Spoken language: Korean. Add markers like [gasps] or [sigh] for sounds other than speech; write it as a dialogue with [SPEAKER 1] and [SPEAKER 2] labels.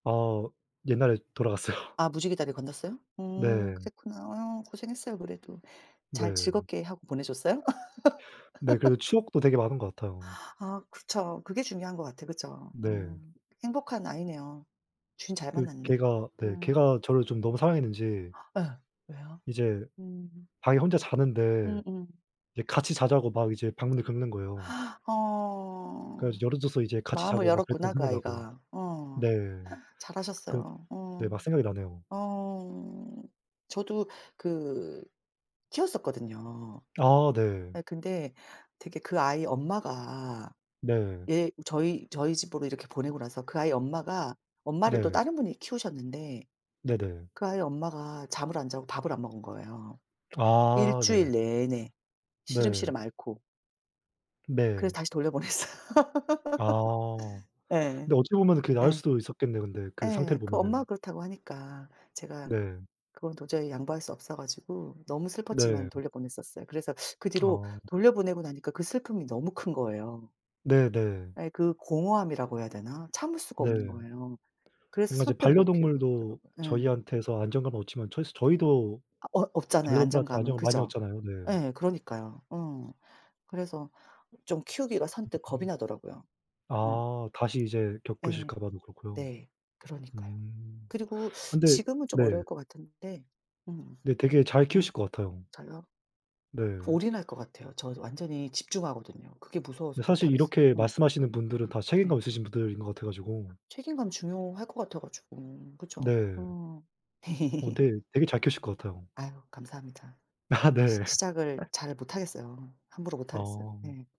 [SPEAKER 1] 어. 옛날에 돌아갔어요.
[SPEAKER 2] 아 무지개 다리를 건넜어요? 음.
[SPEAKER 1] 네.
[SPEAKER 2] 그랬구나. 어유, 고생했어요 그래도. 잘
[SPEAKER 1] 네.
[SPEAKER 2] 즐겁게 하고 보내 줬어요?
[SPEAKER 1] 네.
[SPEAKER 2] [laughs]
[SPEAKER 1] 그리고 추억도 되게 많은 것 같아요.
[SPEAKER 2] [gasps] 아 그쵸. 그게 중요한 것 같아. 그쵸? 어.
[SPEAKER 1] 네.
[SPEAKER 2] 행복한 아이네요. 주인 잘
[SPEAKER 1] 그
[SPEAKER 2] 만났네.
[SPEAKER 1] 개가 네.
[SPEAKER 2] 음.
[SPEAKER 1] 개가 저를 좀 너무 사랑했는지
[SPEAKER 2] [gasps] 예. 왜요?
[SPEAKER 1] 이제
[SPEAKER 2] 음.
[SPEAKER 1] 방에 혼자 자는데
[SPEAKER 2] 음음.
[SPEAKER 1] 이제 같이 자자고 막 이제 방문을 긁는 거예요.
[SPEAKER 2] [gasps]
[SPEAKER 1] 그래
[SPEAKER 2] 어.
[SPEAKER 1] 가지고 열어 줘서 이제 같이
[SPEAKER 2] 마음을
[SPEAKER 1] 자고 막 그랬던
[SPEAKER 2] 열었구나,
[SPEAKER 1] 거
[SPEAKER 2] 그
[SPEAKER 1] 생각나고.
[SPEAKER 2] 아이가. 어.
[SPEAKER 1] 네. 그러
[SPEAKER 2] 잘하셨어요.
[SPEAKER 1] 네.
[SPEAKER 2] 어.
[SPEAKER 1] 막 생각이 나네요.
[SPEAKER 2] 어. 저도 그 키웠었거든요.
[SPEAKER 1] 아 네.
[SPEAKER 2] 아 근데 되게 그 아이 엄마가
[SPEAKER 1] 네.
[SPEAKER 2] 얘 저희 저희 집으로 이렇게 보내고 나서 그 아이 엄마가 엄마를 또
[SPEAKER 1] 네.
[SPEAKER 2] 다른 분이 키우셨는데
[SPEAKER 1] 네네.
[SPEAKER 2] 그 아이 엄마가 잠을 안 자고 밥을 안 먹은 거예요, 1
[SPEAKER 1] 아 네.
[SPEAKER 2] 주일 내내
[SPEAKER 1] 네.
[SPEAKER 2] 시름시름 앓고. 그래서
[SPEAKER 1] 네.
[SPEAKER 2] 다시 돌려보냈어요.
[SPEAKER 1] 아.
[SPEAKER 2] [laughs] 예.
[SPEAKER 1] 근데 어찌 보면은 그게 나을
[SPEAKER 2] 예.
[SPEAKER 1] 수도 있었겠네요, 근데 그 상태를
[SPEAKER 2] 예 그
[SPEAKER 1] 보면은.
[SPEAKER 2] 엄마가 그렇다고 하니까 제가
[SPEAKER 1] 네.
[SPEAKER 2] 그건 도저히 양보할 수 없어 가지고 너무 슬펐지만
[SPEAKER 1] 네.
[SPEAKER 2] 돌려보냈었어요. 그래서 그 뒤로
[SPEAKER 1] 아.
[SPEAKER 2] 돌려보내고 나니까 그 슬픔이 너무 큰 거예요.
[SPEAKER 1] 네네.
[SPEAKER 2] 예. 그 공허함이라고 해야 되나? 참을 수가 없는
[SPEAKER 1] 네.
[SPEAKER 2] 거예요. 그래서
[SPEAKER 1] 뭔가 이제
[SPEAKER 2] 선뜻 못 키우고
[SPEAKER 1] 반려동물도
[SPEAKER 2] 있더라고요. 예.
[SPEAKER 1] 저희한테서 안정감을 얻지만 처희스 저희도
[SPEAKER 2] 아 어 얻잖아요,
[SPEAKER 1] 반려동물한테
[SPEAKER 2] 안정감을.
[SPEAKER 1] 안정을 많이
[SPEAKER 2] 그죠?
[SPEAKER 1] 얻잖아요. 네.
[SPEAKER 2] 예. 그러니까요. 어. 그래서 좀 키우기가 선뜻 겁이 나더라고요. 네.
[SPEAKER 1] 아. 다시 이제
[SPEAKER 2] 예.
[SPEAKER 1] 겪으실까 봐도 그렇고요.
[SPEAKER 2] 네. 그러니까요.
[SPEAKER 1] 음.
[SPEAKER 2] 그리고
[SPEAKER 1] 근데
[SPEAKER 2] 지금은 좀
[SPEAKER 1] 네.
[SPEAKER 2] 어려울 것 같은데 음.
[SPEAKER 1] 근데 되게 잘
[SPEAKER 2] 음.
[SPEAKER 1] 키우실 것 같아요.
[SPEAKER 2] 저요?
[SPEAKER 1] 네.
[SPEAKER 2] 올인할 것 같아요. 저도 완전히 집중하거든요. 그게 무서워서
[SPEAKER 1] 근데
[SPEAKER 2] 못
[SPEAKER 1] 사실
[SPEAKER 2] 하겠어요.
[SPEAKER 1] 이렇게
[SPEAKER 2] 음.
[SPEAKER 1] 말씀하시는 분들은 다
[SPEAKER 2] 네.
[SPEAKER 1] 책임감 있으신 분들인 것 같아 가지고.
[SPEAKER 2] 책임감 중요할 것 같아 가지고. 그쵸?
[SPEAKER 1] 네.
[SPEAKER 2] 어.
[SPEAKER 1] 어,
[SPEAKER 2] [laughs]
[SPEAKER 1] 네. 되게 잘 키우실 것 같아요.
[SPEAKER 2] 아유 감사합니다.
[SPEAKER 1] 아
[SPEAKER 2] 시
[SPEAKER 1] 네.
[SPEAKER 2] 시작을 잘 못 하겠어요. 함부로 못 하겠어요.
[SPEAKER 1] 아.
[SPEAKER 2] 네.